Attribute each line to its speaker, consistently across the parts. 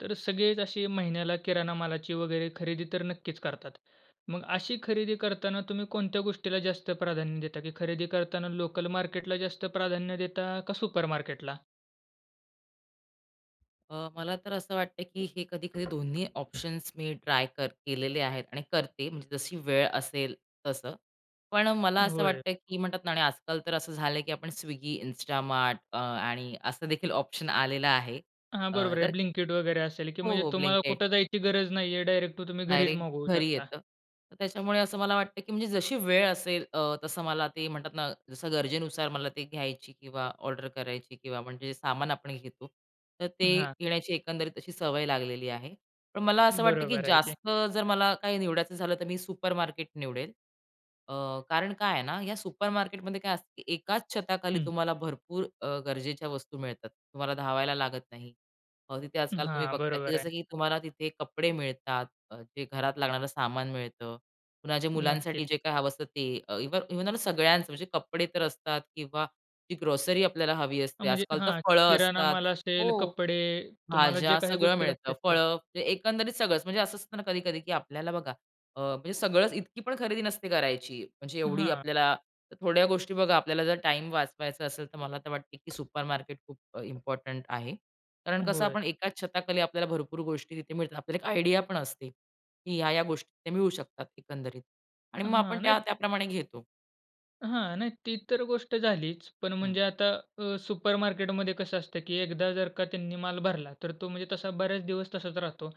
Speaker 1: तर सगळेच अशी महिन्याला किराणा मालाची वगैरे खरेदी तर नक्कीच करतात. मग अशी खरेदी करताना तुम्ही कोणत्या गोष्टीला जास्त प्राधान्य देता की खरेदी करतांना लोकलमार्केटला जास्त प्राधान्य देता का सुपरमार्केटला?
Speaker 2: अ, मला तर असं वाटतंय की हे कधी-कधी दोन्ही ऑप्शन्स मी ट्राय कर केलेले आहेत आणि करते म्हणजे जशी वेळ असेल तसं. पण मला असं
Speaker 1: होय.
Speaker 2: वाटतंय की म्हणतात ना आणि आजकाल तर असं झालंय की आपण स्विगी, इन्स्टामार्ट अ, आणि असं देखील ऑप्शन आलेलं आहे.
Speaker 1: हां
Speaker 2: अ,
Speaker 1: बरोबर आहे
Speaker 2: तर
Speaker 1: ब्लिंकीट वगैरे असेल, की
Speaker 2: हो,
Speaker 1: म्हणजे
Speaker 2: हो,
Speaker 1: तुम्हाला
Speaker 2: ब्लिंकीट.
Speaker 1: कुठे जायची गरज नाहीये. डायरेक्ट तो तुम्ही घरीच
Speaker 2: डायरेक्ट
Speaker 1: मागवू
Speaker 2: घरी
Speaker 1: शकता.
Speaker 2: येतं. तर त्याच्यामुळे असं मला वाटतं, की म्हणजे जशी वेळ असेल अ, तसं मला ते म्हणतात ना जसं गरजेनुसार मला ते घ्यायची किंवा ऑर्डर करायची किंवा म्हणजे सामान आपण घेतो. तर ते
Speaker 1: हां.
Speaker 2: घेण्याची एकंदरीत अशी सवय लागलेली आहे. पण मला असं वाटतं, की
Speaker 1: बरोबर आहे की.
Speaker 2: जास्त जर मला काही निवडायचं झालं तर मी सुपरमार्केट निवडेल. अ, कारण काय आहे ना, या सुपरमार्केटमध्ये काय असतं की एकाच छताखाली
Speaker 1: हं.
Speaker 2: तुम्हाला भरपूर अ, गरजेच्या वस्तू मिळतात. तुम्हाला धावायला लागत नाही. मग तिथे आजकाल तुम्ही
Speaker 1: हां,
Speaker 2: बघता
Speaker 1: बरोबर
Speaker 2: जसं
Speaker 1: आहे.
Speaker 2: की तुम्हाला तिथे कपडे मिळतात. अ, जे घरात लागणारं सामान मिळतं. पुन्हा जे
Speaker 1: नक्कीच.
Speaker 2: मुलांसाठी जे काही हवं असतं ते इव्ह इव्हन व सगळ्यांचं म्हणजे कपडे तर असतात किंवा जी ग्रोसरी आपल्याला हवी
Speaker 1: अ,
Speaker 2: असते.
Speaker 1: म्हणजे
Speaker 2: आजकाल तर
Speaker 1: हां,
Speaker 2: फळं
Speaker 1: किराणा
Speaker 2: असतात
Speaker 1: माल
Speaker 2: हो.
Speaker 1: असेल, कपडे, तुम्हाला जे
Speaker 2: भाज्या,
Speaker 1: काही
Speaker 2: सगळं
Speaker 1: गोष्टी
Speaker 2: मिळतं.
Speaker 1: लागते त्या.
Speaker 2: फळं, म्हणजे एकंदरीत सगळंच, म्हणजे असं असतं ना कधी-कधी की आपल्याला बघा अ, म्हणजे सगळंच इतकी पण खरेदी नसते करायची. म्हणजे एवढी
Speaker 1: हां.
Speaker 2: आपल्याला, थोड्या गोष्टी बघा आपल्याला जर टाईम वाचवायचा असेल तर मला वाटते की सुपरमार्केट खूप अ, इम्पोर्टंट आहे. कारण कसं
Speaker 1: होय.
Speaker 2: आपण एकाच छताखाली आपल्याला भरपूर गोष्टी तिथे मिळतात. आपल्याला एक आयडिया पण असते की ह्या-ह्या गोष्टी तिथे मिळू शकतात एकंदरीत. आणि मग आपण
Speaker 1: हां, नाही
Speaker 2: त्या-त्या प्रमाणे घेतो.
Speaker 1: हां, नाही, ती तर गोष्ट झालीच. पण
Speaker 2: हं.
Speaker 1: म्हणजे आता अ, सुपरमार्केटमध्ये कसं असतं की एकदा जर का त्यांनी माल भरला, तर तो म्हणजे तसा बरेच दिवस तसाच राहतो.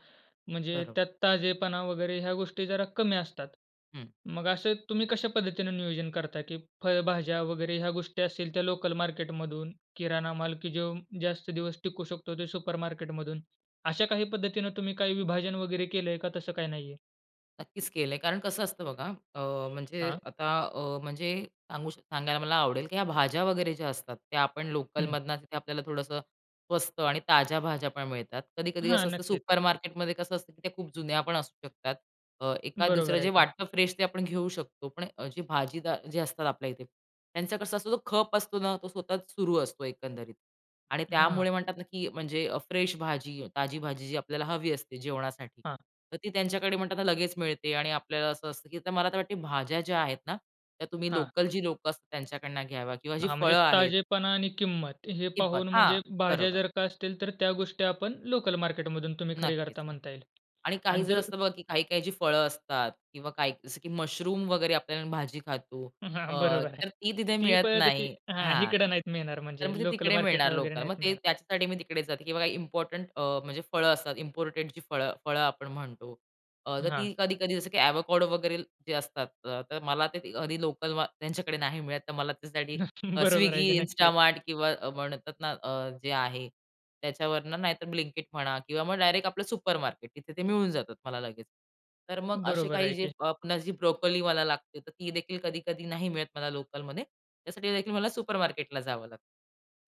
Speaker 1: म्हणजे
Speaker 2: बरोबर.
Speaker 1: त्यात ताजेपणा वगैरे ह्या गोष्टी जरा कमी असतात.
Speaker 2: हं.
Speaker 1: मग असे तुम्ही कशा पद्धतीने नियोजन करता की फळभाज्या वगैरे ह्या गोष्टी असेल, ते लोकल मार्केटमधून. किराणा माल की जो जास्त दिवस टिकू शकतो तो सुपरमार्केटमधून. अशा काही पद्धतीने तुम्ही काय विभाजन वगैरे केलं आहे? का तसं काही नाही आहे?
Speaker 2: नक्कीच केलं आहे कारण कसं असतं बघा अ, म्हणजे
Speaker 1: हां.
Speaker 2: आता अ, म्हणजे सांगू सांगायला मला आवडेल की ह्या भाज्या वगैरे ज्या असतात, त्या आपण
Speaker 1: हं.
Speaker 2: लोकलमधनं तिथे आपल्याला थोडंसं स्वस्त आणि ताज्या भाज्या पण मिळतात. कधी-कधी
Speaker 1: हां,
Speaker 2: कसं असतं
Speaker 1: नक्कीच.
Speaker 2: सुपरमार्केटमध्ये कसं असतं की त्या खूप जुन्या पण असू शकतात. अ, एखाद-दुसरं
Speaker 1: बरोबर
Speaker 2: जे
Speaker 1: आहे की.
Speaker 2: वाटतं फ्रेश ते आपण घेऊ शकतो. पण अ, जे भाजीदार जे असतात आपल्या इथे, त्यांचा कसा असतो तो खप असतो ना तो सतत सुरू असतो एकंदरीत आणि
Speaker 1: हां.
Speaker 2: त्यामुळे म्हणतात ना की म्हणजे अ, फ्रेश भाजी ताजी भाजी जी आपल्याला हवी असते जेवणासाठी.
Speaker 1: हां.
Speaker 2: तर ती त्यांच्याकडे म्हणताना लगेच मिळते आणि आपल्याला असं असतं की मला तर वाटते भाज्या ज्या आहेत ना त्या तुम्ही
Speaker 1: हां.
Speaker 2: लोकल जी लोकं असतात त्यांच्याकडनं घ्यावा किंवा जी
Speaker 1: हां, म्हणजे
Speaker 2: फळं आहेत.
Speaker 1: ताजेपणा आणि किंमत हे
Speaker 2: किंमत.
Speaker 1: पाहून
Speaker 2: हां,
Speaker 1: म्हणजे भाज्या
Speaker 2: बरोबर.
Speaker 1: जर का असतील तर त्या गोष्टी आपण लोकल मार्केटमधून तुम्ही खरी
Speaker 2: नक्कीच
Speaker 1: करता
Speaker 2: नक्की
Speaker 1: म्हणता येईल
Speaker 2: आणि काही
Speaker 1: आणि
Speaker 2: जर
Speaker 1: जर
Speaker 2: असतं बघा की काही-काही जी फळं असतात किंवा काही जसं की मशरूम वगैरे आपल्याला भाजी खातो अ,
Speaker 1: हां, बरोबर आहे.
Speaker 2: तर ती तिथे
Speaker 1: ती
Speaker 2: मिळत
Speaker 1: फळं तशी
Speaker 2: नाही.
Speaker 1: हां,
Speaker 2: हां,
Speaker 1: इकडे नाही मिळणार
Speaker 2: तर
Speaker 1: म्हणजे
Speaker 2: मग ते
Speaker 1: लोकल
Speaker 2: तिकडे मिळणार
Speaker 1: मार्केटला वगैरे
Speaker 2: लोकल. मग
Speaker 1: नाही
Speaker 2: ते
Speaker 1: मिळणार.
Speaker 2: त्याच्यासाठी मी तिकडे जाते किंवा इम्पॉर्टंट अ, म्हणजे फळं असतात, इम्पोर्टेड जी फळं-फळं आपण म्हणतो, अ,
Speaker 1: हां.
Speaker 2: ती कधी-कधी जसं की आवाकाडो वगैरे जे असतात तर मला ते कधी लोकल मा त्यांच्याकडे नाही मिळत तर मला त्याच्यासाठी
Speaker 1: [unintelligible] बरोबर आहे
Speaker 2: स्विगी,
Speaker 1: की नक्कीच.
Speaker 2: इन्स्टामार्ट किंवा अ, म्हणतात अ, ना जे आहे त्याच्यावरनं नाहीतर ब्लिंकिट म्हणा किंवा मग डायरेक्ट आपलं सुपरमार्केट तिथे ते मिळून जातात मला लगेच. तर मग असे
Speaker 1: बरोबर आहे
Speaker 2: काही जे
Speaker 1: की.
Speaker 2: अ, आपण जी ब्रोकोली मला लागते तर ती देखील कधी-कधी नाही मिळत मला लोकलमध्ये. त्यासाठी देखील मला सुपरमार्केटला जावं लागतं.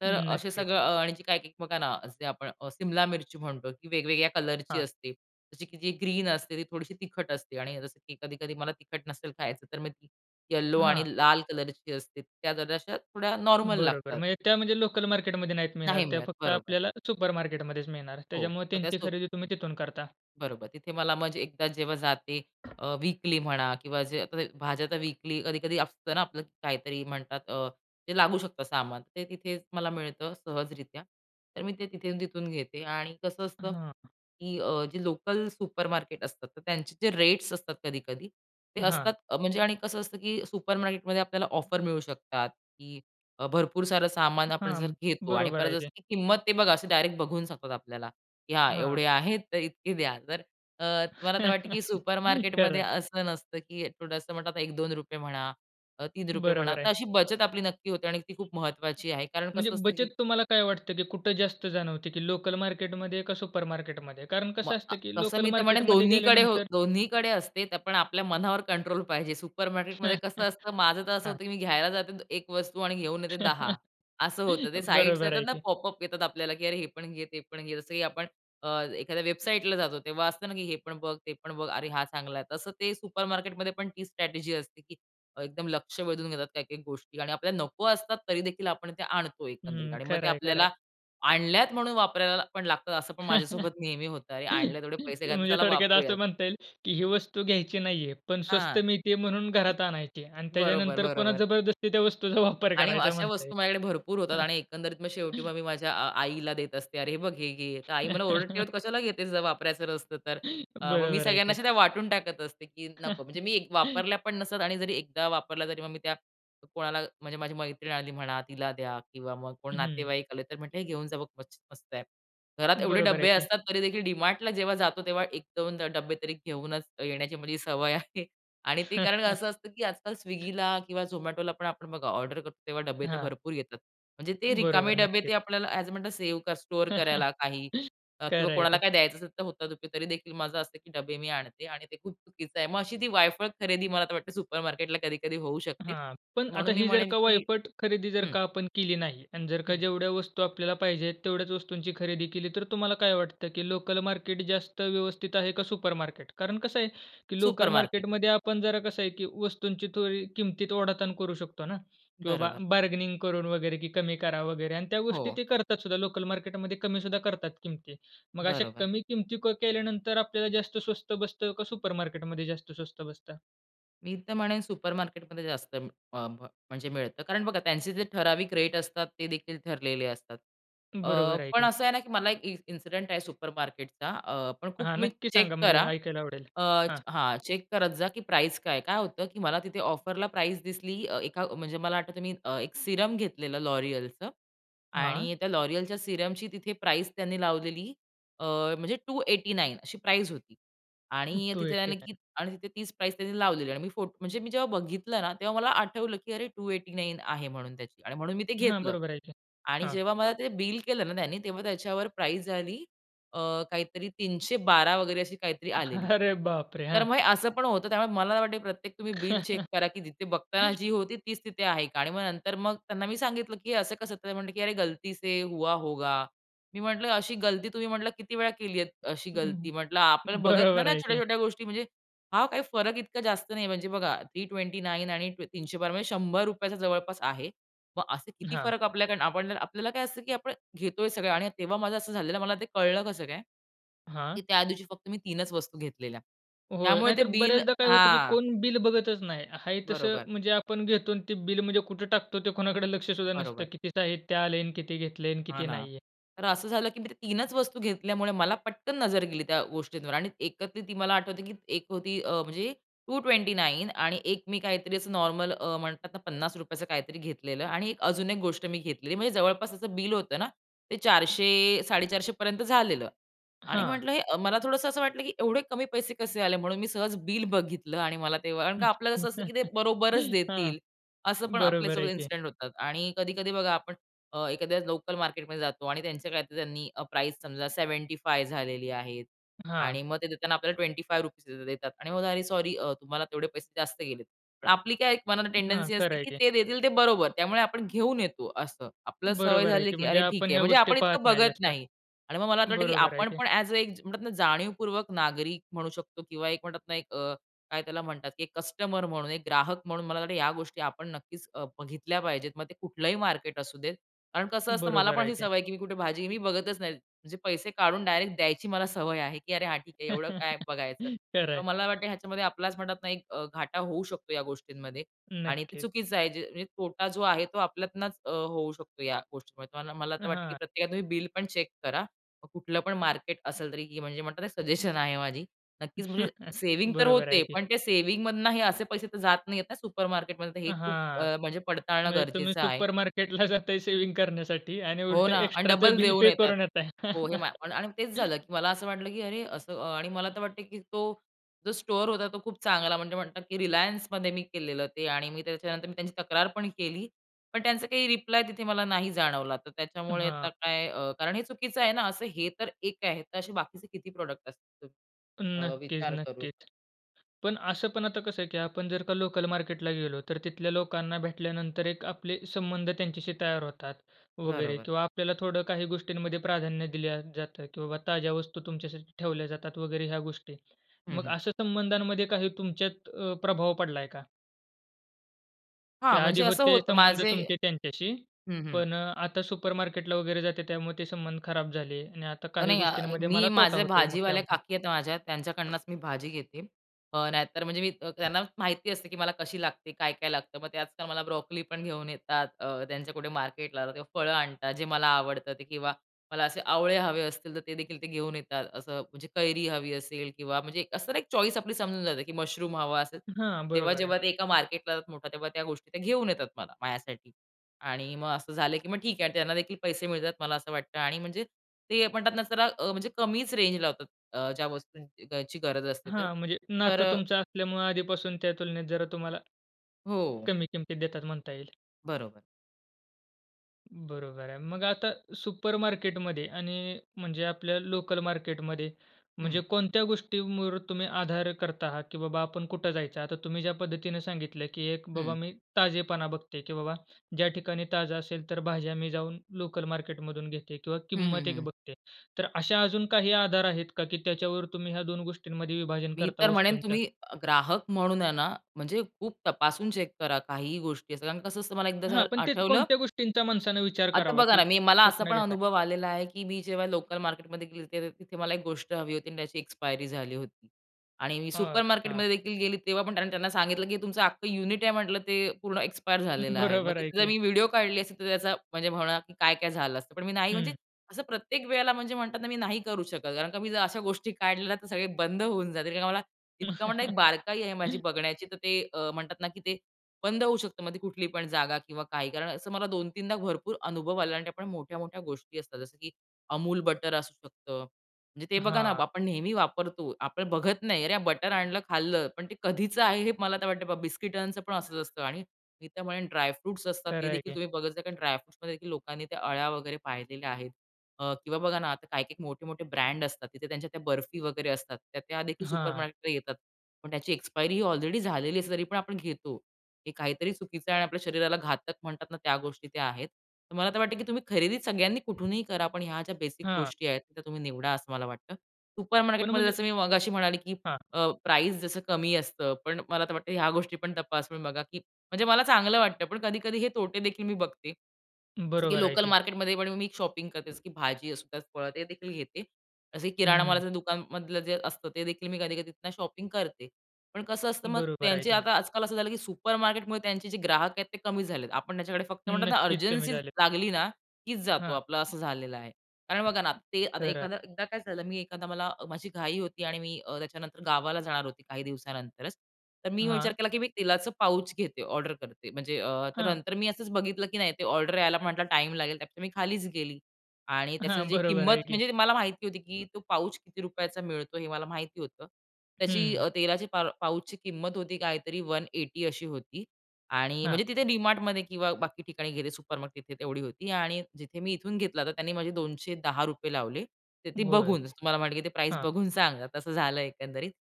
Speaker 2: तर असे
Speaker 1: नक्कीच.
Speaker 2: सगळं अ, आणि जे काही एक बघा ना, असे आपण अ, सिमला मिरची म्हणतो की वेगवेगळ्या कलरची
Speaker 1: हां.
Speaker 2: असते. जशी की जी ग्रीन असते ती थोडीशी तिखट असते आणि जसं की कधी-कधी मला तिखट नसेल खायचं तर मी ती येलो आणि
Speaker 1: हां.
Speaker 2: लाल कलरची असते. त्या जराशा थोड्या नॉर्मल
Speaker 1: बरोबर,
Speaker 2: लागतात.
Speaker 1: म्हणजे त्या म्हणजे लोकल मार्केटमध्ये नाहीच मिळणार.
Speaker 2: नाही
Speaker 1: त्या
Speaker 2: मिळत.
Speaker 1: फक्त
Speaker 2: बरोबर.
Speaker 1: आपल्याला सुपरमार्केटमध्येच मिळणार.
Speaker 2: हो,
Speaker 1: त्याच्यामुळे
Speaker 2: मग त्या
Speaker 1: त्यांची
Speaker 2: सो
Speaker 1: खरेदी तुम्ही तिथून करता.
Speaker 2: बरोबर. तिथे मला मग एकदा जेव्हा जाते अ, वीकली म्हणा किंवा जे आता ते भाज्याचा वीकली कधी-कधी असतं ना आपलं काहीतरी म्हणतात अ, ते लागू शकतं सामान, ते तिथेच मला मिळतं सहजरित्या. तर मी ते तिथे तिथून घेते आणि कसं असतं
Speaker 1: हां.
Speaker 2: की अ, जे लोकल सुपरमार्केट असतात तर त्यांचे जे रेट्स असतात कधी-कधी, ते
Speaker 1: हां.
Speaker 2: असतात अ, म्हणजे आणि कसं असतं की अ, सुपरमार्केट मध्ये आपल्याला ऑफर मिळू शकतात की अ, भरपूर सारं आपण सामान जर आपण जर
Speaker 1: हां,
Speaker 2: घेतो आणि
Speaker 1: बरोबर
Speaker 2: परत
Speaker 1: आहे
Speaker 2: जसं
Speaker 1: ते.
Speaker 2: की किंमत ते बघा असं डायरेक्ट बघू शकतात आपल्याला की, "हां,
Speaker 1: हां.
Speaker 2: एवढे आहेत तर इतके द्या". तर अ, मला तर वाटतं की सुपरमार्केट
Speaker 1: खरं
Speaker 2: मध्ये
Speaker 1: आहे.
Speaker 2: असं नसतं की थोडंसं म्हणलं आता ₹1-2 म्हणा, ₹3 म्हणा.
Speaker 1: बरोबर
Speaker 2: तर
Speaker 1: आहे.
Speaker 2: अशी बचत आपली नक्की होते आणि ती खूप महत्त्वाची आहे. कारण
Speaker 1: म्हणजे
Speaker 2: कसं असतं की
Speaker 1: बचत तुम्हाला काय वाटतं की कुठे जास्त जाणवते ती लोकल मार्केटमध्ये का सुपरमार्केटमध्ये? कारण
Speaker 2: मग
Speaker 1: कसं
Speaker 2: आ
Speaker 1: असतं की
Speaker 2: तसं
Speaker 1: लोकल
Speaker 2: मी तर म्हणेन
Speaker 1: मार्केटमध्ये
Speaker 2: दोन्हीकडे
Speaker 1: गेल्यानंतर
Speaker 2: दोन्हीकडे असते. तर आपण आपल्या मनावर कंट्रोल पाहिजे. सुपरमार्केटमध्ये कसं असतं, माझं तर असं
Speaker 1: हां.
Speaker 2: होतं की मी घ्यायला जाते द 1 वस्तू आणि घेऊन येते 10 असं होतं. ते साइट्स
Speaker 1: बरोबर
Speaker 2: येतात
Speaker 1: आहे
Speaker 2: ना,
Speaker 1: की.
Speaker 2: पॉपअप येतात आपल्याला की अरे हे पण घे, ते पण घे, जस की अ, आपण एखाद्या वेबसाईटला जातो तेव्हा, हे पण बघ, ते पण बघ, अरे हा चांगला आहे तसं ते सुपर मार्केटमध्ये पण ती स्ट्रॅटेजी असते की एकदम लक्ष वेधून घेतात काही-काही गोष्टी आणि आपल्या नको असतात तरी देखील आपण त्या आणतो एकंदरीत
Speaker 1: हं,
Speaker 2: आणि मग ते
Speaker 1: खरं आहे, खरं आहे.
Speaker 2: आपल्याला आणल्यात म्हणून वापरायला पण लागतात असं पण माझ्यासोबत नेहमी होत आणि आणले तेवढे पैसे काय
Speaker 1: म्हणजे
Speaker 2: चला
Speaker 1: थोडक्यात असं
Speaker 2: वापरूयात.
Speaker 1: म्हणता येईल की ही वस्तू घ्यायची नाही आहे पण स्वस्त
Speaker 2: हां,
Speaker 1: मिळत आहे म्हणून घरात आणायची आणि
Speaker 2: बरोबर,
Speaker 1: त्याच्यानंतर पुन्हा
Speaker 2: बरोबर.
Speaker 1: जबरदस्ती त्या वस्तूचा वापर
Speaker 2: आणि
Speaker 1: करायचा
Speaker 2: अशा
Speaker 1: म्हणता
Speaker 2: वस्तू माझ्याकडे भरपूर होतात
Speaker 1: येईल.
Speaker 2: आणि एकंदरीत मग शेवटी मग मी माझ्या आ आईला देत असते. "अरे, हे बघ हे घे." आई मला ओरडते, "तू कशाला घेतेस जर वापरायचं नसतं तर?" अ, मग मी
Speaker 1: बरोबर आहे
Speaker 2: सगळ्यांना
Speaker 1: की.
Speaker 2: अशा त्या वाटून टाकत असते की नको म्हणजे मी वापरल्या पण नसतात आणि जरी एकदा वापरल्या तरी मग मी त्या कोणाला म्हणजे माझी मैत्रीण आली म्हणा तिला द्या किंवा मग कोण
Speaker 1: हं.
Speaker 2: नातेवाईक आले तर म्हणते, "हे घेऊन जा बघ मस् मस्त आहे." घरात एवढे
Speaker 1: बरोबर आहे
Speaker 2: डब्बे
Speaker 1: की.
Speaker 2: असतात, तरी देखील डीमार्टला जेव्हा जातो तेव्हा 1-2 ड डब्बे तरी घेऊनच येण्याची माझी सवय आहे आणि ते कारण असं असतं की आजकाल स्विगीला किंवा झोमॅटोला पण आपण बघा ऑर्डर करतो तेव्हा डब्बे तर
Speaker 1: हां.
Speaker 2: भरपूर येतात. म्हणजे ते रिकामे
Speaker 1: बरोबर,
Speaker 2: डब्बे
Speaker 1: नक्कीच.
Speaker 2: ते आपल्याला असं म्हणतात सेव्ह स्टोअर करायला काही अ, किंवा
Speaker 1: खरं आहे
Speaker 2: कोणाला
Speaker 1: की.
Speaker 2: काही द्यायचं असेल तर होता तरी देखील माझं असतं की डबे मी आणते आणि ते खूप चुकीचं आहे. मग अशी ती वायफळ खरेदी मला वाटते सुपरमार्केटला कधी-कधी होऊ शकते.
Speaker 1: हां, पण आता
Speaker 2: म्हणून मी
Speaker 1: ही जर
Speaker 2: म्हणेन
Speaker 1: का
Speaker 2: की
Speaker 1: वायफट खरेदी जर
Speaker 2: हं.
Speaker 1: का आपण केली नाही आणि जर का
Speaker 2: हं.
Speaker 1: जेवढ्या वस्तू आपल्याला पाहिजेत तेवढ्याच वस्तूंची खरेदी केली, तर तुम्हाला काय वाटतं की लोकल मार्केट जास्त व्यवस्थित आहे का सुपरमार्केट? कारण कसं आहे की लोकल
Speaker 2: सुपरमार्केट.
Speaker 1: मार्केटमध्ये आपण जरा कसं आहे की वस्तूंची थोडी किमतीत ओढाताण करू शकतो ना किंवा
Speaker 2: बरोबर.
Speaker 1: बार्गेनिंग करून वगैरे की कमी करा वगैरे आणि त्या गोष्टी
Speaker 2: हो.
Speaker 1: ते करतात सुद्धा लोकल मार्केटमध्ये कमी सुद्धा करतात किमती. मग अशा
Speaker 2: बरोबर.
Speaker 1: कमी किमती क केल्यानंतर आपल्याला जास्त स्वस्त बसतं? का सुपरमार्केट मध्ये जास्त स्वस्त बसतं?
Speaker 2: मी तर म्हणेन सुपर मार्केटमध्ये जास्त अं, अ, म म्हणजे मिळतं. कारण बघा त्यांचे जे ठराविक रेट असतात, ते देखील ठरलेले असतात. अ,
Speaker 1: बरोबर आहे
Speaker 2: पण
Speaker 1: की.
Speaker 2: असं आहे ना की मला एक इ इन्सिडेंट आहे सुपर मार्केटचा अ, पण खूप
Speaker 1: हां,
Speaker 2: तुम्ही
Speaker 1: नक्की
Speaker 2: चेक
Speaker 1: सांगा. म्हणजे
Speaker 2: करा.
Speaker 1: ऐकायला आवडेल.
Speaker 2: अ, च
Speaker 1: हां.
Speaker 2: हां, चेक करत जा की प्राईस काय आहे. काय होतं की मला तिथे ऑफरला प्राईस दिसली अ, एका अ, म्हणजे मला आठवतंय मी अ, एक सीरम घेतलेलं L'Oréalचं.
Speaker 1: हां?
Speaker 2: आणि त्या L'Oréalच्या सीरमची तिथे प्राईस त्यांनी लावलेली अ, म्हणजे 289 अशी प्राईस होती. आणि
Speaker 1: टू
Speaker 2: तिथे
Speaker 1: एटी
Speaker 2: त्याने की
Speaker 1: नाईन
Speaker 2: आणि तिथे तीच प्राईस त्यांनी लावलेली आहे आणि मी फोट म्हणजे मी जेव्हा बघितलं ना तेव्हा मला आठवलं की अरे 289 आहे म्हणून त्याची. आणि म्हणून मी ते
Speaker 1: हां,
Speaker 2: घेतलं.
Speaker 1: बरोबर आहे की.
Speaker 2: आणि
Speaker 1: हां.
Speaker 2: जेव्हा मला ते बिल केलं ना त्यानी, तेव्हा त्याच्यावर प्राईस झाली अ, काहीतरी 312 वगैरे अशी काहीतरी आलेली.
Speaker 1: अरे बापरे!
Speaker 2: तर
Speaker 1: हां.
Speaker 2: मग हे असं पण होतं. त्यामुळे मला वाटते की प्रत्येक तुम्ही बिल चेक करा की तिथे बघताना जी होती तीच तिथे आहे का? आणि मग नंतर मग त्यांना मी सांगितलं की हे असं कसं? तर ते म्हणले की "अरे गलती से हुआ होगा." मी म्हटलं, "अशी गलती तुम्ही" म्हटलं, "किती वेळा केलीयेत? अशी
Speaker 1: हं.
Speaker 2: गलती?" म्हटलं आपण बघत नाही
Speaker 1: बरोबर
Speaker 2: ना
Speaker 1: आहे की.
Speaker 2: छोट्या-छोट्या गोष्टी म्हणजे हां, काही फरक इतका जास्त नाही म्हणजे बघा 329 आणि ती 312 म्हणजे ₹100चा जवळपास आहे. मग असे किती
Speaker 1: हां.
Speaker 2: फरक आपल्याकड आपणने आपल्याला काय असतं की आपण घेतोय सगळं आणि तेव्हा माझं असं झालेलं मला ते कळलं कसं काय? की
Speaker 1: हां?
Speaker 2: त्या दिवशी फक्त मी तीनच वस्तू घेतलेल्या.
Speaker 1: होय.
Speaker 2: त्यामुळे ते
Speaker 1: नाहीतर
Speaker 2: बिल
Speaker 1: बऱ्याचदा काय होतं की
Speaker 2: हां.
Speaker 1: कोण बिल बघतच नाही. आहे तसं
Speaker 2: बरोबर.
Speaker 1: म्हणजे आपण घेतो अन् ते बिल म्हणजे कुठं टाकतो ते कोणाकडं लक्षसुद्धा नसतं
Speaker 2: बरोबर.
Speaker 1: कितीचं आहे, ते आले अन् किती घेतले अन्
Speaker 2: हां
Speaker 1: किती
Speaker 2: ना.
Speaker 1: नाही आहे.
Speaker 2: तर असं झालं की मी ते तीनच वस्तू घेतल्यामुळे मला पटकन नजर गेली त्या गोष्टींवर. आणि एकत्रित ती मला आठवतं की एक होती अ, म्हणजे 229 आणि एक मी काहीतरी असं नॉर्मल अ, म्हणतात ना ₹50चं काहीतरी घेतलेलं आणि एक अजून एक गोष्ट मी घेतलेली, म्हणजे जवळपास त्याचं बिल होतं ना, ते 400-450 पर्यंत झालेलं. आणि
Speaker 1: हां.
Speaker 2: म्हटलं हे अ, मला थोडंसं असं वाटलं की "एवढे कमी पैसे कसे आले?" म्हणून मी सहज बिल बघितलं आणि मला तेव्हा कारण का आपलं कसं असतं की ते बरोबरच
Speaker 1: हां.
Speaker 2: देतील. असं पण
Speaker 1: बरोबर
Speaker 2: आपल्यासोबत
Speaker 1: आहे की.
Speaker 2: इन्सिडंट होतात. आणि कधी-कधी बघा आपण अ, एखाद्या लोकल मार्केटमध्ये जातो आणि त्यांच्या काहीतर त्यांनी अ, प्राईस समजा 75 झालेली आहे. आणि
Speaker 1: हां.
Speaker 2: मग ते देताना आपल्याला 25 रुपीजच देतात. आणि मग, "अरे सॉरी अ, तुम्हाला तेवढे पैसे जास्त गेलेत." पण आपली काय एक मनानं
Speaker 1: हां.
Speaker 2: टेंडन्सी
Speaker 1: खरं
Speaker 2: असते
Speaker 1: आहे
Speaker 2: की
Speaker 1: की.
Speaker 2: ते देतील ते बरोबर. त्यामुळे आपण घेऊन येतो, असं. आपल्याला सवय
Speaker 1: बरोबर आहे
Speaker 2: झाली
Speaker 1: की.
Speaker 2: की
Speaker 1: म्हणजे
Speaker 2: "अरे ठीक
Speaker 1: आपण
Speaker 2: आहे."
Speaker 1: ह्या
Speaker 2: म्हणजे
Speaker 1: गोष्टी
Speaker 2: आपण
Speaker 1: पाहत
Speaker 2: इतकं
Speaker 1: नाही
Speaker 2: बघत
Speaker 1: जास्त.
Speaker 2: नाही. आणि मग मला आतं वाटतं की
Speaker 1: बरोबर आहे
Speaker 2: आपण
Speaker 1: की.
Speaker 2: पण ॲज अ एक ज म्हणतात ना जाणीवपूर्वक नागरिक म्हणू शकतो किंवा एक म्हणतात ना एक अ, काय त्याला म्हणतात की एक कस्टमर म्हणून एक ग्राहक म्हणून मला वाटतं की या गोष्टी आपण नक्कीच अ, बघीतल्या पाहिजेत. मग ते कुठलंही मार्केट असू देत, कारण कसं असतं मला
Speaker 1: बरोबर
Speaker 2: पण
Speaker 1: आहे
Speaker 2: अशी
Speaker 1: की.
Speaker 2: सवय आहे की मी कुठे भाजी मी बघतच नाही. म्हणजे पैसे काढून डायरेक्ट द्यायची मला सवय आहे की "अरे हां, ठीक आहे. एवढं काय बघायचं?"
Speaker 1: खरं
Speaker 2: पण
Speaker 1: आहे.
Speaker 2: मला वाटतं ह्याच्यामध्ये आपलाच म्हणतात ना एक अ, घाटा होऊ शकतो या गोष्टींमध्ये. आणि ते
Speaker 1: नक्कीच.
Speaker 2: चुकीचं आहे जे म्हणजे तोटा जो आहे तो आपल्यातनच अ, होऊ शकतो या गोष्टींमध्ये. तर मना मला तर वाटतं की
Speaker 1: हां.
Speaker 2: प्रत्येका तुम्ही बिल पण चेक करा. मग कुठलं पण मार्केट असेल तरी की म्हणजे म्हणतात ना सजेशन आहे माझी. नक्कीच म्हणजे सेव्हिंग तर
Speaker 1: बरोबर
Speaker 2: होते,
Speaker 1: आहे की.
Speaker 2: पण ते सेव्हिंगमधनं हे असे पैसे तर जात नाहीयेत ना सुपर मार्केटमध्ये तर हे खूप
Speaker 1: हां.
Speaker 2: अ, म्हणजे पडताळणं
Speaker 1: म्हणजे तुम्ही
Speaker 2: गरजेचं आहे.
Speaker 1: सुपरमार्केटला जाताय सेव्हिंग करण्यासाठी आणि
Speaker 2: हो
Speaker 1: उलटं
Speaker 2: ना अन्
Speaker 1: एक्स्ट्राचं
Speaker 2: डबल
Speaker 1: बिल
Speaker 2: देऊन
Speaker 1: पे
Speaker 2: येतायत.
Speaker 1: करून येताय.
Speaker 2: हो, हे माल पण आणि मग तेच झालं की मला असं वाटलं की "अरे असं" आणि मला तर वाटत की तो जो स्टोअर होता, तो खूप चांगला म्हणजे म्हणतात की Relianceमध्ये मी केलेलं ते आणि मी त्याच्यानंतर मी त्यांची तक्रार पण केली. पण त्यांचा काही रिप्लाय तिथे मला नाही जाणवला. तर त्याच्यामुळे आता
Speaker 1: हां.
Speaker 2: काय अ, कारण हे चुकीचं आहे ना असं हे तर एक आहे. तसे बाकीचे किती प्रॉडक्ट असतील अ,
Speaker 1: नक्कीच,
Speaker 2: विचार करू.
Speaker 1: नक्कीच. पण असं पण आता कसं आहे की आपण जर का लोकल मार्केटला गेलो, तर तिथल्या लोकांना भेटल्यानंतर एक आपले संबंध त्यांच्याशी तयार होतात वगैरे
Speaker 2: बरोबर.
Speaker 1: किंवा आपल्याला थोडं काही गोष्टींमध्ये प्राधान्य दिल्या जातं की बाबा ताज्या वस्तू तुमच्यासाठी ठेवल्या जातात वगैरे ह्या गोष्टी.
Speaker 2: हं,
Speaker 1: मग
Speaker 2: हं.
Speaker 1: अशा संबंधांमध्ये काही तुमच्यात अ, प्रभाव पडलाय का? की
Speaker 2: हां,
Speaker 1: आधी
Speaker 2: म्हणजे असं
Speaker 1: होते
Speaker 2: होतं
Speaker 1: संबंध
Speaker 2: माझे
Speaker 1: तुमचे त्यांच्याशी
Speaker 2: हं, हं.
Speaker 1: पण अ, आता सुपरमार्केट ला वगैरे जाते त्यामुळे ते संबंध खराब झाले आणि आता काही
Speaker 2: नाही अ,
Speaker 1: गोष्टींमध्ये
Speaker 2: मी
Speaker 1: मला तोटा
Speaker 2: माझे
Speaker 1: होत आहे मग
Speaker 2: भाजीवाल्या
Speaker 1: त्यामुळे.
Speaker 2: काकी आहेत माझ्या त्यांच्याकडनचं मी भाजी घेते. अ, नाहीतर मी अ, त्यांना माहिती असते की मला कशी लागते, काय-काय लागतं. मग ते आजकाल मला ब्रॉकली पण घेऊन येतात. अ, त्यांच्या कुठे मार्केटला किंवा फळं आणतात जे मला आवडत ते किंवा मला असे आवळे हवे असतील तर ते देखील ते घेऊन येतात. असं म्हणजे कैरी हवी असेल किंवा म्हणजे असं एक चॉईस आपली समजून जाते, की मशरूम हवा असेल.
Speaker 1: हां,
Speaker 2: तेव्हा
Speaker 1: बरोबर आहे.
Speaker 2: जेव्हा एका मार्केटला मोठा तेव्हा त्या गोष्टी घेऊन येतात मला, माझ्यासाठी आणि मग असं झालं की मग ठीक आहे आणि त्यांना देखील पैसे मिळतात मला असं वाटतं आणि म्हणजे ते म्हणतात ना, जरा अ, म्हणजे कमीच रेंज लावतात अ, ज्या वस्तूंची घ्यायची गरज असते तर
Speaker 1: हां, म्हणजे
Speaker 2: तर
Speaker 1: नातं तुमचं असल्यामुळे आधीपासून त्या तुलनेत जरा तुम्हाला,
Speaker 2: हो.
Speaker 1: कमी किमतीत देतात म्हणता येईल.
Speaker 2: बरोबर.
Speaker 1: बरोबर आहे. मग आता सुपरमार्केट मध्ये आणि म्हणजे आपल्या लोकलमार्केटमध्ये म्हणजे
Speaker 2: हं.
Speaker 1: कोणत्या गोष्टींवर तुम्ही आधार करता आहात? की बाबा आपण कुठं जायचं? आता तुम्ही ज्या पद्धतीने सांगितलं, की एक बाबा
Speaker 2: हं.
Speaker 1: मी ताजेपणा बघते की बाबा ज्या ठिकाणी ताजं असेल, तर भाज्या मी जाऊन लोकलमार्केटमधून घेते किंवा
Speaker 2: हं, हं,
Speaker 1: किंमत एक
Speaker 2: हं.
Speaker 1: बघते. तर अशा अजून काही आधार आहेत का? की त्याच्यावर तुम्ही ह्या 2 गोष्टींमध्ये विभाजन
Speaker 2: मी
Speaker 1: करता
Speaker 2: तर म्हणेन
Speaker 1: वस्तूंच्या?
Speaker 2: तुम्ही ग्राहक म्हणून आहे ना म्हणजे, खूप तपासून चेक करा काहीही गोष्टी कारण कसं असतं मला एकदा
Speaker 1: हां,
Speaker 2: झालं
Speaker 1: पण ते
Speaker 2: आठवलं
Speaker 1: कोणत्या गोष्टींचा माणसाने विचार
Speaker 2: आता
Speaker 1: करावा,
Speaker 2: बघा
Speaker 1: की
Speaker 2: ना, मी मला असा
Speaker 1: कुठनं
Speaker 2: पण
Speaker 1: घेत आहे?
Speaker 2: अनुभव आलेला आहे, की मी जेव्हा लोकलमार्केटमध्ये गेली, तिथे मला एक गोष्ट हवी होती आणि त्याची एक्सपायरी झाली होती आणि मी
Speaker 1: हां,
Speaker 2: सुपरमार्केट
Speaker 1: हां.
Speaker 2: मध्ये देखील गेली तेव्हा पण त्यांना सांगितलं की तुमचं अख्खं युनिट आहे म्हटलं ते पूर्ण एक्सपायर झालेलं आहे. मग
Speaker 1: बरोबर आहे
Speaker 2: तिथे जर
Speaker 1: की.
Speaker 2: मी व्हिडिओ काढली असेल, तर त्याचा म्हणजे म्हणणं काय-काय झालं असतं. पण मी नाही म्हणजे
Speaker 1: हं.
Speaker 2: असं प्रत्येक वेळेला म्हणजे म्हणतात ना, मी नाही करू शकत. कारण का मी जर अशा गोष्टी काढले ना तर सगळे बंद होऊन जातील. कारण की मला इतकं म्हणा एक बारकाई आहे माझी बघण्याची, तर ते अ, म्हणतात ना की ते बंद होऊ शकतं. मग कुठली पण जागा किंवा काही कारण असं मला 2-3दा दा भरपूर अनुभव आला आणि मोठ्या-मोठ्या गोष्टी असतात, जसं की अमूल बटर असू शकतं. म्हणजे ते बघा ना,
Speaker 1: हां.
Speaker 2: आपण नेहमी वापरतो. आपण बघत नाही. अरे बटर आणलं, खाल्लं, पण ते कधीच आहे? हे मला आता वाटत बिस्किटांचं पण असचं असतं आणि मी त्या म्हणेन ड्राय फ्रुट्स असतात.
Speaker 1: खरं
Speaker 2: ते
Speaker 1: आहे
Speaker 2: देखील
Speaker 1: की.
Speaker 2: तुम्ही बघत जा, कारण ड्राय फ्रुट्स मध्ये देखील लोकांनी त्या अळ्या वगैरे पाहिलेल्या आहेत. अ, किंवा बघा ना, आता काही-काही, मोठे-मोठे ब्रँड असतात. तिथे त्यांच्या त्या बर्फी वगैरे असतात. त्या त्यादेखील
Speaker 1: हां.
Speaker 2: सुपरमार्केटला येतात. पण त्याची एक्सपायरी ही ऑलरेडी झालेली आहे, तरी पण आपण घेतो. हे काहीतरी चुकीचं आहे आणि आपल्या शरीराला घातक म्हणतात ना त्या गोष्टी त्या आहेत. तर मला तर वाटतं, की तुम्ही खरेदी सगळ्यांनी कुठूनही करा. पण ह्या ज्या बेसिक
Speaker 1: हां.
Speaker 2: गोष्टी आहेत त्या तुम्ही निवडा असं मला वाटतं.
Speaker 1: पण
Speaker 2: सुपरमार्केट मध्ये
Speaker 1: म्हणजे
Speaker 2: जसं मी मगाशी म्हणाले की
Speaker 1: हां.
Speaker 2: अ, प्राइज जसं कमी असतं, पण मला तर वाटत ह्या गोष्टी पण तपासून बघा, की म्हणजे मला चांगलं वाटतं, पण कधी-कधी हे तोटे देखील मी बघते. जसे की
Speaker 1: बरोबर आहे की.
Speaker 2: लोकलमार्केटमध्ये पण मी शॉपिंग करते की भाजी असुद्या फळं ते देखील घेते. असे
Speaker 1: हं.
Speaker 2: किराणामालाच्या दुकानामधलं जे असतं, ते देखील मी कधी-कधी शॉपिंग करते. पण कसं असतं मग
Speaker 1: बरोबर आहे
Speaker 2: त्यांचे
Speaker 1: की.
Speaker 2: आता आजकाल असं झालं, की सुपरमार्केट मुळे त्यांचे जे ग्राहक आहेत ते कमी झाले आहे. आपण त्यांच्याकडे फक्त म्हणतात ना
Speaker 1: नक्कीच कमी
Speaker 2: अर्जन्सी
Speaker 1: झाले.
Speaker 2: लागली ना कीच जातो
Speaker 1: हां.
Speaker 2: आपला असं झालेलं आहे. कारण बघा ना, ते आता
Speaker 1: खरं आहे.
Speaker 2: एखादा एकदा काय झालं मी एखादा मला माझी घाई होती आणि मी अ, त्याच्यानंतर गावाला जाणार होती काही दिवसानंतरच. तर मी विचार
Speaker 1: हां.
Speaker 2: केला, की मी तेलाचं पाउच घेते ऑर्डर करते. म्हणजे अ, तर
Speaker 1: हां.
Speaker 2: नंतर मी असंच बघितलं की नाही ते ऑर्डर यायला म्हटला टाईम लागेल त्यापेक्षा मी खालीच गेली आणि त्याची
Speaker 1: हां,
Speaker 2: जी
Speaker 1: बरोबर
Speaker 2: किंमत,
Speaker 1: आहे की.
Speaker 2: म्हणजे मला माहिती होती, की तो पाउच किती रुपयाचा मिळतो हे मला माहिती होतं. त्याची
Speaker 1: हम्म.
Speaker 2: अ, तेलाची पार पाउच ची किंमत होती काहीतरी 180 अशी होती आणि
Speaker 1: हां.
Speaker 2: म्हणजे तिथे Dmartमध्ये किंवा बाकी ठिकाणी गेले सुपरमार्केट तिथे तेवढी होती आणि जिथे मी इथून घेतला, तर त्यांनी माझे ₹210 लावले. तर ते
Speaker 1: होय,
Speaker 2: बघून, तुम्हाला म्हणलं की ते प्राइज
Speaker 1: हां.
Speaker 2: बघून सांगा तसं झालं एकंदरीत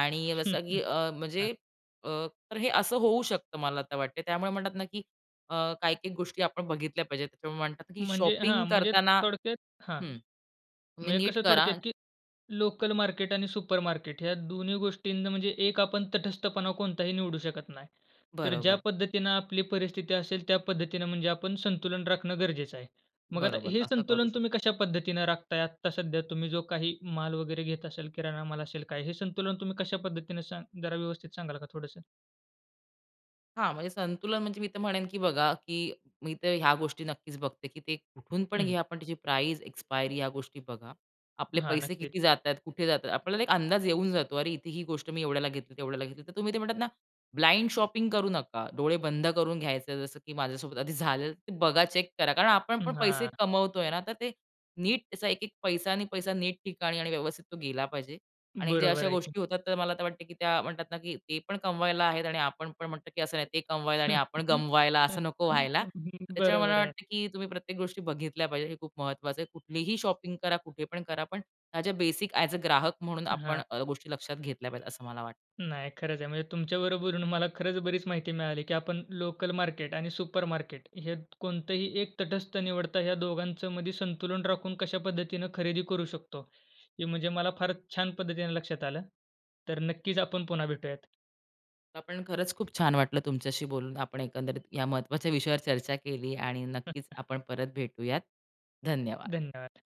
Speaker 2: आणि जसं की अ,
Speaker 1: हां.
Speaker 2: म्हणजे अ, तर हे असं होऊ शकतं मला आता वाटतं आहे. त्यामुळे म्हणतात ना, की अ, काही-काही गोष्टी आपण बघितल्या पाहिजेत त्यामुळे म्हणतात ना की
Speaker 1: म्हणजे हां,
Speaker 2: शॉपिंग
Speaker 1: म्हणजे
Speaker 2: करताना
Speaker 1: थोडक्यात हां,
Speaker 2: हं.
Speaker 1: मग
Speaker 2: तुम्ही
Speaker 1: हे
Speaker 2: नीट
Speaker 1: कसं
Speaker 2: करा.
Speaker 1: थोडक्यात, की लोकलमार्केट आणि सुपरमार्केट ह्या दोन्ही गोष्टींना म्हणजे एक आपण तटस्थपणा कोणताही निवडू शकत नाही. तर ज्या
Speaker 2: बरोबर.
Speaker 1: पद्धतीनं आपली परिस्थिती असेल त्या पद्धतीनं म्हणजे आपण संतुलन राखणं गरजेचं आहे. मग आता
Speaker 2: बरोबर,
Speaker 1: हे
Speaker 2: असं करू
Speaker 1: संतुलन
Speaker 2: शकतो.
Speaker 1: तुम्ही कशा पद्धतीनं राखत आहेत आत्ता सध्या तुम्ही जो काही माल वगैरे घेत असेल, किराणा माल असेल काय हे संतुलन तुम्ही कशा पद्धतीने सांग जरा व्यवस्थित सांगाल का थोडंसं?
Speaker 2: हां. म्हणजे संतुलन म्हणजे मी तर म्हणेन की बघा, की मी तर ह्या गोष्टी नक्कीच बघते, की ते कुठून पण
Speaker 1: हं.
Speaker 2: घ्या. पण त्याची प्राईझ, एक्सपायरी ह्या गोष्टी बघा. आपले
Speaker 1: हां,
Speaker 2: पैसे
Speaker 1: नक्कीच.
Speaker 2: किती जात आहेत, कुठे जात आहेत? आपल्याला एक अंदाज येऊन जातो. अरे इथे ही गोष्ट मी एवढ्याला घेतली, तेवढ्याला घेतली. तर तुम्ही ते म्हणतात ना, ब्लाइंड शॉपिंग करू नका. डोळे बंद करून घ्यायचं. जसं की माझ्यासोबत आधी झालेलं, ते बघा. चेक करा. कारण आपण
Speaker 1: हं,
Speaker 2: पण पैसे
Speaker 1: हां.
Speaker 2: कमवतोय ना. तर ते नीट त्याचा 1-1 पैसा आणि पैसा नीट ठिकाणी आणि व्यवस्थित तो गेला पाहिजे आणि ज्या
Speaker 1: बरोबर
Speaker 2: अशा
Speaker 1: आहे की.
Speaker 2: गोष्टी होतात. तर मला वाटतं, की त्या म्हणतात ना, की "ते पण कमवायला आहेत." आणि आपण म्हणतो की "असं नाही ते कमवायला आणि आपण गमवायला असं नको व्हायला." त्याच्यामुळे मला
Speaker 1: बरोबर आहे.
Speaker 2: वाटतं की तुम्ही प्रत्येक गोष्टी बघितल्या पाहिजेत. हे खूप महत्त्वाचं आहे. कुठलीही शॉपिंग करा, कुठे पण करा. पण ह्या ज्या बेसिक ॲज अ ग्राहक म्हणून आपण
Speaker 1: हां.
Speaker 2: अ, गोष्टी लक्षात घेतल्या पाहिजेत असं मला वाटतं.
Speaker 1: नाही, खरंच आहे. म्हणजे तुमच्या बरोबर बोलून मला खरंच बरीच माहिती मिळाली की आपण लोकल मार्केट आणि सुपर मार्केट हयात कोणतंही एक तटस्थ निवडता. ह्या दोघांचमध्ये संतुलन राखून कशा पद्धतीनं खरेदी करू शकतो. हे म्हणजे मला फार छान पद्धतीने लक्षात आलं. तर नक्कीच आपण पुन्हा भेटूयात.
Speaker 2: आपण, खरंच खूप छान वाटलं तुमच्याशी बोलून. आपण एकंदरीत या महत्वाच्या विषयावर चर्चा केली. आणि नक्कीच आपण परत भेटूयात. धन्यवाद!
Speaker 1: धन्यवाद.